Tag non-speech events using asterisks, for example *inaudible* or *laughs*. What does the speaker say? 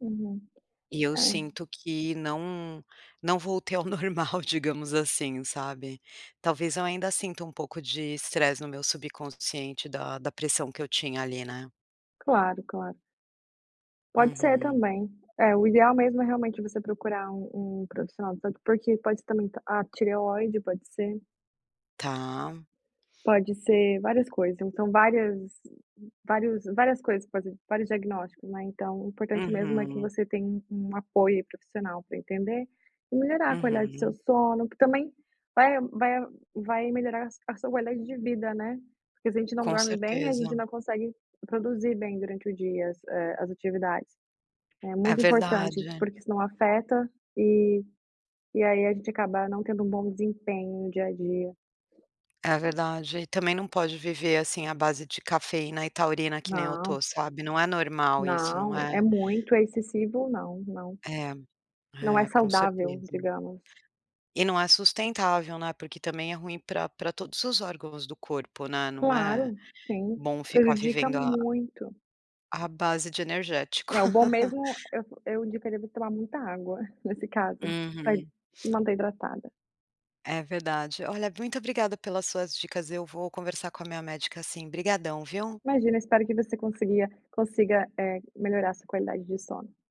Uhum, E eu é. sinto que não não voltei ao normal digamos, assim, sabe? Talvez eu ainda, sinta um pouco de estresse no meu subconsciente da da pressão que eu tinha, ali, né? Claro, claro. Pode ser Uhum. também. É, o ideal mesmo é realmente você procurar um um profissional de saúde, por porque pode ser também a tireoide, pode ser. Tá. Pode ser, várias coisas, então, várias vários várias coisas po vários diagnósticos, né. Então, o importante mesmo é que Uhum. você tem um apoio profissional pra entender, e melhorar a qualidade do seu Uhum. sono, porque também, vai vai vai melhorar a sua qualidade de vida, né. Porque se gente não Com dorme bem a certeza. gente não consegue produzir bem durante o dia as eh, atividades. É É muito importante, verdade. porque senão afeta, eh, e aí a gente acaba não tendo um bom desempenho no dia a dia. É verdade, e também não pode viver, assim, à base de cafeína e taurina que nem eu tô, Não. sabe? Não é normal, isso, não Não, é! é muito, é excessivo, não, não. É, Não é é com saudável certeza. digamos. E não é sustentável, né, porque também é ruim pra pra todos os órgãos do corpo, né. Não é Claro. Sim, bom ficar prejudica vivendo a muito. a base de energético. É o bom mesmo, *laughs* eu eu indicaria você tomar muita água, *chuckles* nesse caso, pra hi Uhum. se manter hidratada. É verdade, olha muito obrigada pelas suas dicas, eu vou conversar com a minha médica assim. Obrigadão viu! Imagina, espero que você conseguia consiga, eh, melhorar sua qualidade de sono.